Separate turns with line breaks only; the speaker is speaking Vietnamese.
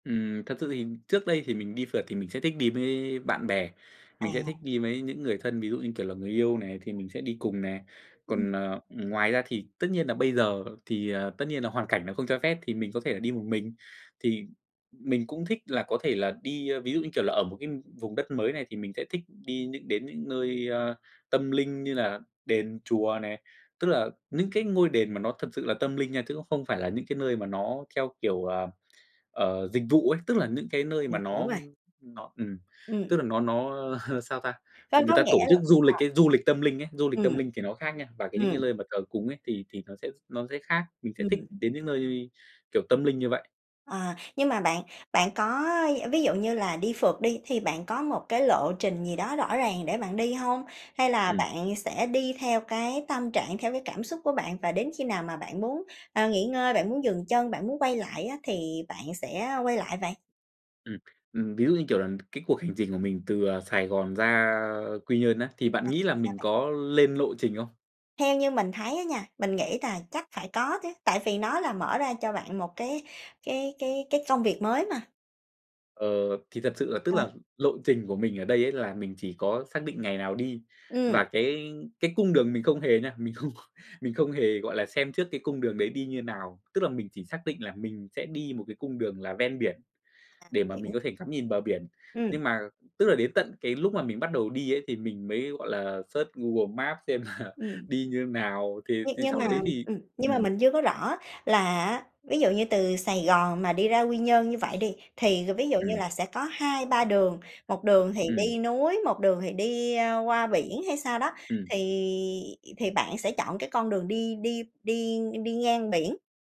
Ừm, thật sự thì trước đây thì mình đi phượt thì mình sẽ thích đi mới bạn bè, mình sẽ thích
À.
đi mới những người thân, ví dụ, như kiểu là, người yêu này, thì mình sẽ đi cùng nè, còn, ờ, ngoài ra thì tất nhiên nà bây giờ thì, ờ, tất nhiên là hoàn cảnh nó không cho phép thì mình có thể là đi một mình. Thì mình cũng thích là có thể là đi, ơ, ví dụ, như kiểu là, ở một cái vùng đất mới này, thì mình sẽ thích đi những đến những nơi tâm linh như là đền, chùa này, tức là những cái ngôi đền mà nó thật sự là tâm linh nha, chứ cũng không phải là những cái nơi mà nó theo kiểu, ờ, dịch vụ ấy, tức là những cái nơi mà
Mình hiểu
nó
rồi.
nó ừm,
Ừm.
tức là nó nó sao ta,
Có
người
có
ta tổ
nghĩa
chức
là
du lịch ấy, du lịch tâm linh ấy, du lịch
ừm,
tâm linh thì nó khác nha, và cái những cái
ừm.
lơi mà thờ cúng ấy thì thì nó sẽ nó sẽ khác, mình sẽ thích
Ừm.
đến những nơi, kiểu, tâm linh như vậy.
À, nhưng mà bạn bạn có d ví dụ như là đi phượt đi, thì bạn có một cái lộ trình gì đó rõ ràng để bạn đi hông? Hay là
Ừm.
bạn sẽ đi theo cái tâm trạng, theo cái cảm xúc của bạn, và đến khi nào mà bạn muốn, ờ, nghỉ ngơi, bạn muốn dừng chân, bạn muốn quay lại á thì bạn sẽ, a, quay lại vậy?
Ừm, ừm, ví dụ, như kiểu là, cái cuộc hành trình của mình từ, ờ, Sài Gòn ra Quy Nhơn á, thì
À,
bạn nghĩ là
sao
mình
bạn?
có lên lộ trình không?
Theo như mình thấy á nha, mình nghĩ tà chắc phải có chứ, tại vì nó là mở ra cho bạn một cái cái cái cái công việc mới mà.
Ờ, thì thật sự là tức
Ờ.
là lộ trình của mình ở đây ấy, là mình chỉ có xác định ngày nào đi,
Ừm.
và cái cái cung đường mình không hề nha, mình không mình không hề, gọi là, xem trước cái cung đường đấy đi như nào. Tức là mình chỉ xác định là mình sẽ đi một cái cung đường là ven biển để mà mình
Hiểu.
có thể ngắm nhìn bờ biển,
Ừm.
nhưng mà tức là đến tận cái lúc mà mình bắt đầu đi ấy thì mình mới, gọi là, search Google Maps xem là
Ừm.
đi như nào, thì
Như
thì
nhưng
sau
mà
đấy thì
ừm, nhưng mà
ừm.
mình chưa có rõ á, là á ví dụ như từ Sài Gòn mà đi ra Quy Nhơn như vậy đi, thì g ví dụ như
Ừm.
là sẽ có 2-3 đường, 1 đường thì
Ừm.
đi núi, 1 đường thì đi, ơ, qua biển hay sao đó,
Ừm.
thì thì bạn sẽ chọn cái con đường đi đi đi đi ngang biển?